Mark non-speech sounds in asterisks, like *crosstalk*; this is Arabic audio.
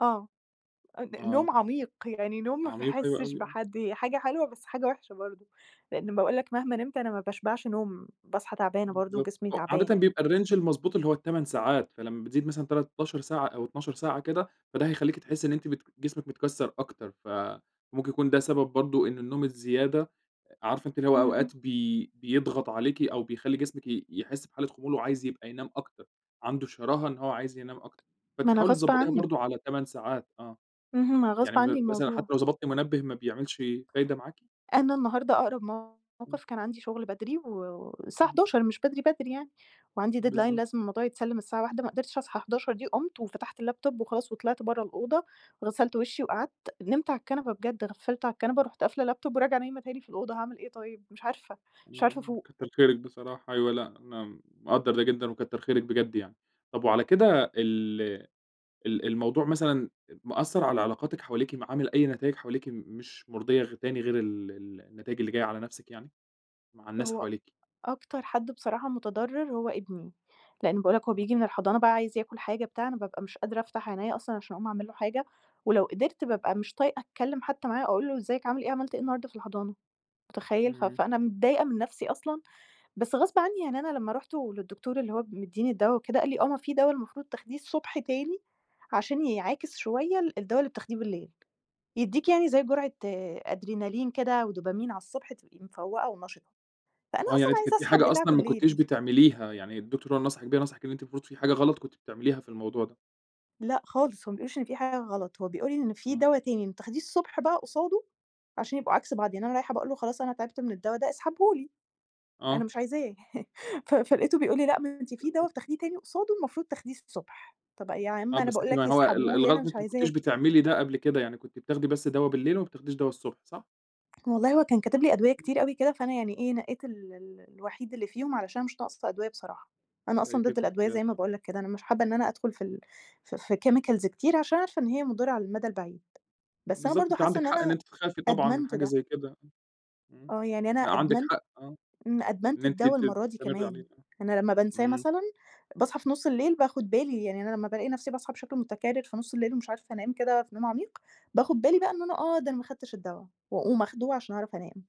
آه، أ آه. نوم عميق يعني نوم ما عميق أو باحسش أوي. بحد، هي حاجة حلوة بس حاجة وحشة برضه، لأن باقول لك مهما نمت أنا ما باشبعش نوم، باصحى تعبانة برضه بالضبط، وجسمي و عادةً تعبان. بيبقى الrange المضبوط اللي هو ال8 ساعات، فلمّا بتزيد مثلًا 13 ساعة أو 12 ساعة كده، فده هيخلّيكِ تحسي إن أنتِ بت جسمِك متكَسر أكتر، فممكن يكون ده سبب برضه إن النوم الزيادة عارفة أنتِ اللي هو اهم. أوقات بي بيضغط عليكِ أو بيخلّي جسمِك ي يحس بحالة خمول وعايز يبقى ينام أكتر، عنده شراهة إن هو عايز ينام أكتر، ما فأنتِ أنا حاولي غصب تضَبطيها عني. برضه على 8 ساعات آه. اهم، ما يعني غصب م ب عني مثلًا حتى الموضوع. لو ضبطتِ منبه ما بيعملش فايدة معاكِ؟ أنا النهارده أقرب إمم. موقف كان عندي شغل بدري و والساعة إمم. 11:00 مش بدري بدري يعني، وعندي deadline بالضبط. لازم الموضوع يتسلم الساعة 13:00، ما قدرتش أصحى 11:00 دي، قُمت وفتحت اللاب توب وخلاص وطلِعت برّه الأوضة، غسلت وشي وقعدت، نمت على الكنبة بجد، غفِّلت على الكنبة رُحت قافلة اللاب توب وراجعة نايمة تاني في الأوضة، هاعمل إيه طيب؟ مش عارفة، مش عارفة امم، أفوق. كَتر خيرِك بصراحة، أيوه لأ أنا مقدَّر ده جدًا وكَتر خيرِك بجد يعني. طب وعلى كده ال ال الموضوع مثلًا مأثر على علاقاتِك حواليكِ م عامل أي نتايج حواليكِ مش مُرضية غ تانية غير ال ال النتايج اللي جاية على نفسِك يعني؟ مع الناس هو حواليكِ؟ أكتر حد بصراحة متضرر هو ابني، لأن باقول لك هو بييجي من *unintelligible* الحضانة بقى عايز ياكل حاجة بتاع، أنا بابقى مش قادرة أفتح عينيَّ أصلًا عشان أقوم أعمل له حاجة، ولو قدرت بابقى مش طايقة أتكلم حتى معاه أقول له إزيك عامل إيه عملت إيه النهارده في الحضانة، مُتخيل؟ ف إمم. فأنا متضايقة من نفسي أصلًا، بس غصب عني يعني أنا لمّا رُحت للدكتور اللي هو مِدّيني الدوا وكده قال لي: "آه، ما في دوا المفروض تاخديه الصبح تاني عشان يعاكِس شوية ال الدوا اللي بتاخديه بالليل، يدّيكِ يعني زي جرعة أدرينالين كده ودوبامين على الصبح تبقي مفَوقة ونَشِطة." فأنا آه، يعني أصلًا أنتِ كانت عايزة في أسحب حاجة بتاع أصلًا ما كنتيش بالليل. بتعمليها، يعني الدكتور هو اللي نصحِك بيها، نصحِك إن أنتِ المفروض في حاجة غلط كنتِ بتعمليها في الموضوع ده. لأ، خالص، هو ما بيقوليش إن في حاجة غلط، هو بيقول لي إن في آه. دوا تاني تاخديه الصبح بقى قصاده عشان يبقوا عكس بعض، يعني أنا رايحة باقول له: "خلاص أنا تعبت من الدوا ده اسحبه لي. أنا آه. مش عايزاه." *laughs* ف فلقيته بيقول لي: "لأ ما أنتِ في دوا *unintelligible* بتاخديه تاني قصاده المفروض تاخديه الصبح." طب أ يا عم آه، أنا بس باقول أنتِ ما لك هو ال اسحبه لي الغلط أنا إن مش أنتِ ما كنتيش عايزاه. بتعملي ده قبل كده، يعني كنتِ بتاخدي بس دوا بالليل وما بتاخديش دوا الصبح، صح؟ والله هو كان كاتب لي أدوية امم. كتير أوي كده، فأنا يعني إيه نَقيت ال ال الوحيد اللي فيهم علشان مش ناقصة أدوية بصراحة، أنا أصلًا ضد *unintelligible* الأدوية حاجات زي ما آه. باقول لك كده، أنا مش حابة إن أنا أدخل في ال في في chemicals كتير عشان عارفة إن هي مُضِرة على المدى البعيد. بس أنا بالضبط برضه أنتِ حاسة عندِك إن حق إن أنا أنتِ تخافي طبعًا من أدمنت حاجة ده. زي كده. امم، آه يعني أنا لأ عندِك أدمنت حق، آه. امم، أدمنت إن أنتِ الدوا بت المرّة دي بتستمري كمان، عليه. أنا لمّا بانساه امم. مثلًا، باصحى في نص الليل باخد بالي، يعني أنا لمّا بالاقي نفسي باصحى بشكل متكرر في نص الليل ومش عارفة أنام كده في نوم عميق باخد بالي بقى إن أنا آه ده أنا ما أخدتش الدوا، وأقوم آخده عشان أعرف أنام.